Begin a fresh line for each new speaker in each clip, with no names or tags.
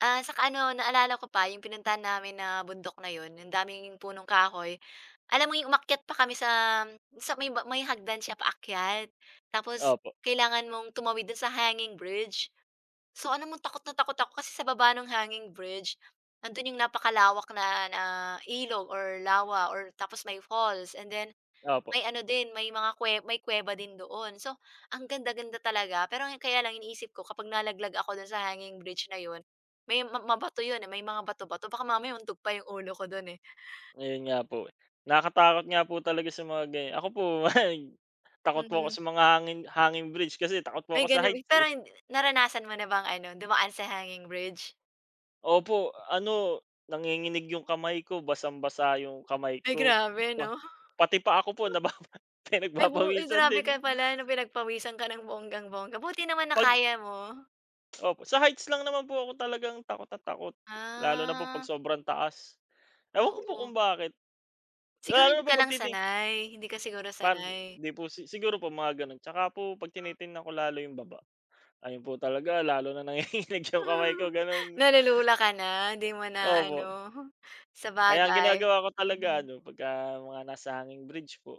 Ah, saka ano, naalala ko pa yung pinuntahan namin na bundok na yun, yun daming yun punong kahoy, alam mo yung umakyat pa kami sa may ma may hagdan siya paakyat, tapos
Opo.
kailangan mong tumawid do'n sa hanging bridge. So, alam mong takot na takot ako kasi sa baba ng hanging bridge nandun yung napakalawak na na ilog or lawa or tapos may falls and then
Opo.
may ano din may mga kwe may kweba din doon. So, ang ganda-ganda talaga pero yong kaya lang iniisip ko kapag nalaglag ako do'n sa hanging bridge na yun may ma mabato yun na may mga bato-bato baka mamaya mauntog pa yung ulo ko dun, eh.
Ayun nga po, eh. Nakakatakot nga po talaga sa mga ganyan, ako po takot po ako
Mhm.
sa mga hangin hanging bridge kasi takot po ako
Ay
sa
ganun bi
heights, eh.
pero hin naranasan mo na bang ano dumaan sa hanging bridge?
Opo, ano nanginginig yung kamay ko, basang-basa yung kamay
Ay,
ko,
grabe
pa
'no?
pati paa ko po nababa
Ay, bu ay
pinagpapawisan
grabe
din.
ka pala na pinagpawisan ka ng bonggang-bongga buti naman na
Pag
kaya mo?
Opo sa heights lang naman po ako talagang takot na takot, lalo na 'pag
Ah.
sobrang taas, ewan ko po
Oo.
kung bakit?
Siguro
Lalo
hindi
na
ka lang
pagtiti
sanay, hindi ka siguro
Para sa
sanay.
di po si siguro po mga gano'n. Tsaka po 'pag tinitingnan ko lalo yung baba. Ayun po talaga lalo nang nanginginig yung kamay ko ganun.
Nalulula ka na? 'Di mo na ano?
Opo. Kaya ang
Sabagay,
ginagawa ko talaga
mm.
ano 'pagka mga nasa hanging bridge po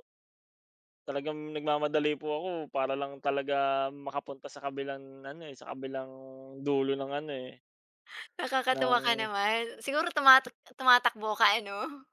talagang nagmamadali po ako para lang talaga makapunta sa kabilang ano, eh sa kabilang dulo ng ano, eh
Nakakatuwa ka
ng
naman siguro tumatak tumatakbo ka ano?